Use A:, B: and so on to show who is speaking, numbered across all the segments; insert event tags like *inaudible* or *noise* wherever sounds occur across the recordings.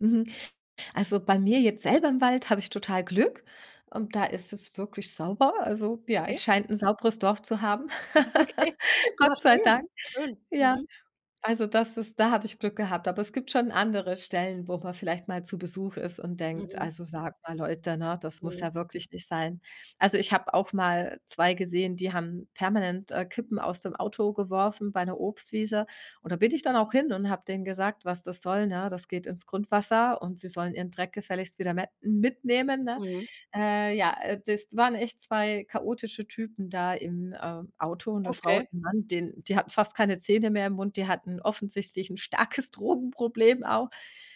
A: Mhm, also, bei mir jetzt selber im Wald habe ich total Glück und da ist es wirklich sauber. Also, ja,
B: Okay.
A: ich scheine 'n sauberes Dorf zu haben.
B: Ja, okay,
A: *laughs*
B: ja
A: Gott sei
B: schön.
A: Dank.
B: Schön.
A: Ja,
B: Mhm.
A: also, das ist da habe ich Glück gehabt. Aber es gibt schon andere Stellen, wo man vielleicht mal zu Besuch ist und denkt:
B: Mhm.
A: „Also, sagt mal Leute, ne? Das muss
B: Mhm.
A: ja wirklich nicht sein.“ Also, ich habe auch mal 2 gesehen, die haben permanent, äh, Kippen aus dem Auto geworfen bei 'ner Obstwiese. Und da bin ich dann auch hin und habe denen gesagt, was das soll, ne? Das geht ins Grundwasser und sie sollen ihren Dreck gefälligst wieder me mitnehmen, ne?
B: Mhm.
A: Äh, ja, äh, das waren echt 2 chaotische Typen da im, ähm, Auto, 'ne Frau und
B: Okay.
A: 'n Mann, den die hatten fast keine Zähne mehr im Mund, die hatten offensichtlich 'n starkes Drogenproblem auch.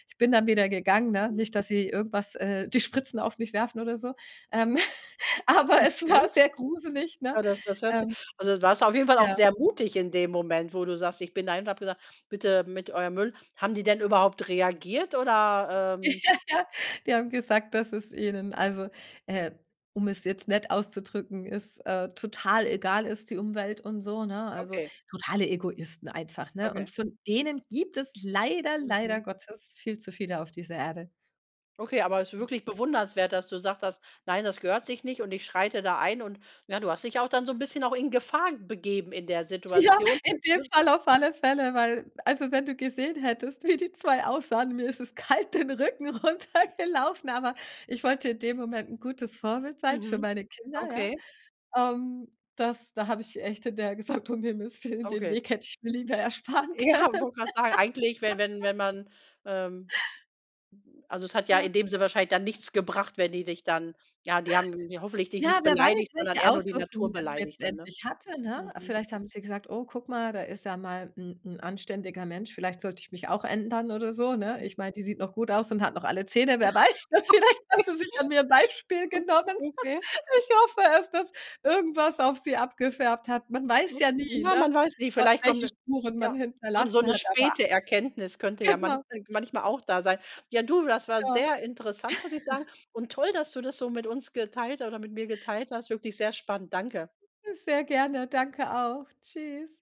A: Ich bin dann wieder gegangen, ne?
B: Mhm.
A: Nicht, dass sie irgendwas, äh die Spritzen auf mich werfen oder so. Ähm, *laughs* aber es
B: Okay.
A: war sehr gruselig, ne?
B: Ja, das das hört sich
A: Ähm.
B: also, warst du auf jeden Fall auch
A: Ja.
B: sehr mutig in dem Moment, wo du sagst: „Ich bin dahin und habe gesagt: 'Bitte mit eurem Müll'“ Haben die denn überhaupt reagiert oder
A: Ja,
B: ähm?
A: ja, die haben gesagt, dass es ihnen, also, äh um es jetzt nett auszudrücken, es, äh, total egal ist die Umwelt und so, ne? Also,
B: Okay.
A: totale Egoisten einfach, ne?
B: Okay.
A: Und von denen gibt es leider, leider
B: Mhm.
A: Gottes viel zu viele auf dieser Erde.
B: Okay, aber es ist wirklich bewundernswert, dass du gesagt hast: „Nein, das gehört sich nicht und ich schreite da ein“, und ja, du hast dich auch dann so 'n bisschen auch in Gefahr begeben in der
A: Ja,
B: Situation,
A: in dem
B: ne?
A: Fall auf alle Fälle, weil also, wenn du gesehen hättest, wie die 2 aussahen, mir ist es kalt den Rücken runtergelaufen, aber ich wollte in dem Moment 'n gutes Vorbild sein für
B: Mhm,
A: meine Kinder, ja?
B: okay.
A: Ähm, das da habe ich echt hinterher gesagt: „Um Himmels Willen, den
B: Okay.
A: Weg hätte ich mir lieber ersparen
B: Ja,
A: können.“
B: wollte gerade sagen, eigentlich, wenn wenn
A: *laughs*
B: wenn man, ähm also, es hat ja
A: Ja.
B: in dem Sinne wahrscheinlich dann nichts gebracht, wenn die dich dann ja, die haben hoffentlich dich
A: Ja,
B: nicht
A: wer weiß,
B: beleidigt, sondern
A: welche
B: eher nur die
A: Auswirkungen
B: Natur
A: es
B: beleidigt dann, ne?
A: letztendlich hatte, ne?
B: Mhm.
A: Vielleicht haben sie gesagt: „Oh, guck mal, da ist ja mal 'n 'n anständiger Mensch, vielleicht sollte ich mich auch ändern oder so“, ne? Ich meine, die sieht noch gut aus und hat noch alle Zähne, wer weiß denn, vielleicht haben
B: Okay,
A: sie sich an mir ein Beispiel
B: *laughs* o
A: genommen.
B: okay.
A: *laughs* Ich hoffe es, dass irgendwas auf sie abgefärbt hat. Man weiß ja nie,
B: Ja, man
A: ne?
B: weiß nicht,
A: W
B: vielleicht kommt
A: welche
B: 'ne
A: Spuren man
B: ja, so so
A: hinterlassen
B: 'ne
A: hat, aber
B: späte Erkenntnis könnte ja manch
A: genau.
B: manchmal auch da sein. Ja, du, das war
A: Ja.
B: sehr interessant, muss ich sagen.
A: *laughs*
B: Und toll, dass du das so mit uns geteilt ha oder mit mir geteilt hast. Wirklich sehr spannend. Danke.
A: Sehr gerne, danke auch. Tschüss.